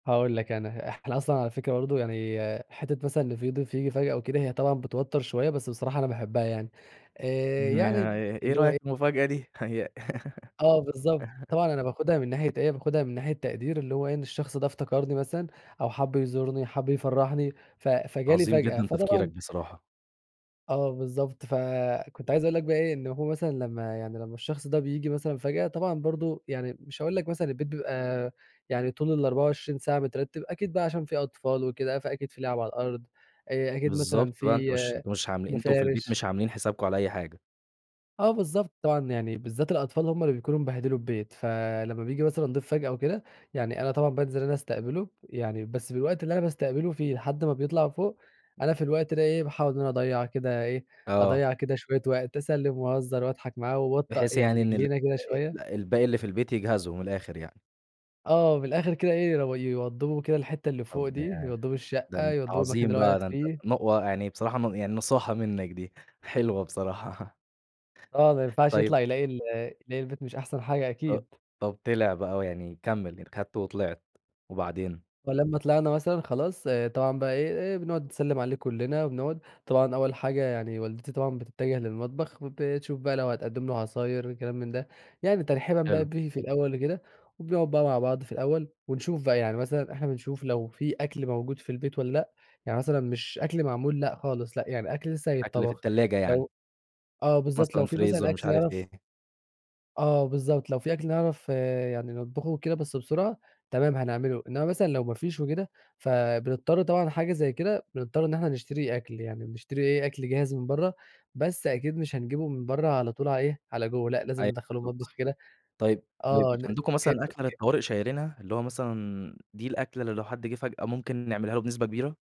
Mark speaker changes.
Speaker 1: هاقول لك أنا، إحنا أصلًا على فكرة برضو يعني حتّة مثلًا في ضيف ييجي فجأة أو كده هي طبعًا بتوتّر شويّة، بس بصراحة أنا باحبها يعني. آآ، يعني
Speaker 2: إيه
Speaker 1: اللي هو
Speaker 2: رأيك
Speaker 1: إيه
Speaker 2: في المفاجأة دي؟ هي
Speaker 1: آه، بالضبط، طبعًا أنا باخدها من ناحية إيه، باخدها من ناحية تقدير اللي هو إيه، إن الشخص ده افتكرني مثلًا أو حب يزورني، حب يفرحني؛ ف فجالي
Speaker 2: عظيم
Speaker 1: فجأة،
Speaker 2: جدًا تفكيرك
Speaker 1: فطبعًا
Speaker 2: بصراحة.
Speaker 1: آه، بالضبط، فكنت عايز أقول لك بقى إيه، إن هو مثلًا لمّا يعني لمّا الشخص ده بييجي مثلًا فجأة طبعًا برضو يعني مش هاقول لك مثلًا البيت بيبقى يعني طول ال24 ساعة مترتب، أكيد بقى عشان في أطفال وكده فأكيد في لعب على الأرض، آآ، أكيد مثلًا
Speaker 2: بالضبط، بقى أنت
Speaker 1: في
Speaker 2: مش مش عام أنتم في البيت
Speaker 1: مفارش.
Speaker 2: مش عاملين حسابكم على أي حاجة.
Speaker 1: آه، بالضبط، طبعًا يعني بالذات الأطفال هم اللي بيكونوا مبهدلوا البيت، فلما بييجي مثلًا ضيف فجأة وكده، يعني أنا طبعًا بانزل أنا أستقبله، يعني بس بالوقت اللي أنا باستقبله في لحد ما بيطلع فوق أنا في الوقت ده إيه، باحاول إن أنا أضيع كده إيه،
Speaker 2: آه.
Speaker 1: أضيع كده شويّة وقت، أسلم وأهزر وأضحك معاه وابطأ
Speaker 2: بحيث
Speaker 1: يعني
Speaker 2: يعني إن ال
Speaker 1: رجلينا كده شويّة.
Speaker 2: الب الباقي اللي في البيت يجهزوا من الآخر يعني.
Speaker 1: آه، من الآخر كده إيه يو يوضبوا كده الحتّة اللي فوق
Speaker 2: طب
Speaker 1: دي،
Speaker 2: ده ي
Speaker 1: يوضبوا
Speaker 2: ده
Speaker 1: الشقّة
Speaker 2: أنت
Speaker 1: يوضبوا المكان
Speaker 2: عظيم
Speaker 1: اللي هو
Speaker 2: بقى
Speaker 1: هيقعد
Speaker 2: ده أنت
Speaker 1: فيه.
Speaker 2: ن يعني بصراحة يعني نصاحة منّك دي، حلوة بصراحة.
Speaker 1: آه ما ينفعش
Speaker 2: طيب
Speaker 1: يطلع يلاقي ال يلاقي البيت مش أحسن حاجة
Speaker 2: أ
Speaker 1: أكيد.
Speaker 2: طب طلع بقى هو يعني كمل أخدته وطلعت، وبعدين؟
Speaker 1: ولما طلعنا مثلًا خلاص، طبعًا بقى إيه إيه بنقعد نسلم عليه كلنا وبنقعد، طبعًا أوّل حاجة يعني والدتي طبعًا بتتجه للمطبخ، وبتشوف بقى لو هتقدم له عصاير وكلام من ده، يعني ترحيبًا بقى
Speaker 2: حلو.
Speaker 1: بيه في الأوّل وكده، وبنقعد بقى مع بعض في الأوّل، ونشوف بقى يعني، مثلًا إحنا بنشوف لو في أكل موجود في البيت والّا لأ، يعني مثلًا مش أكل معمول لأ، خالص لأ يعني أكل لسّه
Speaker 2: أكل في
Speaker 1: هيتطبخ
Speaker 2: الثلاجة يعني؟
Speaker 1: لو آه، بالضبط، لو
Speaker 2: مثلًا
Speaker 1: في مثلًا
Speaker 2: فريزر مش
Speaker 1: أكل
Speaker 2: عارف
Speaker 1: يعرف
Speaker 2: إيه.
Speaker 1: آه، بالضبط، لو في أكل نعرف يعني نطبخه وكده بس بسرعة تمام هنعمله، إنما مثلًا لو ما فيش وكده؛ فبنضطر طبعًا حاجة زي كده بنضطر إن إحنا نشتري أكل يعني، بنشتري إيه أكل جاهز من برّه، بس أكيد مش هنجيبه من برّه على طول على إيه على جوّه، لأ لازم
Speaker 2: أيوه،
Speaker 1: ندخله
Speaker 2: بالضبط،
Speaker 1: المطبخ كده.
Speaker 2: طيّب ب مش
Speaker 1: آه،
Speaker 2: عندكم مثلًا أكلة
Speaker 1: [unintelligible]
Speaker 2: للطوارئ شايلينها، اللي هو مثلًا دي الأكلة اللي لو حد جه فجأه ممكن نعملها له بنسبة كبيرة؟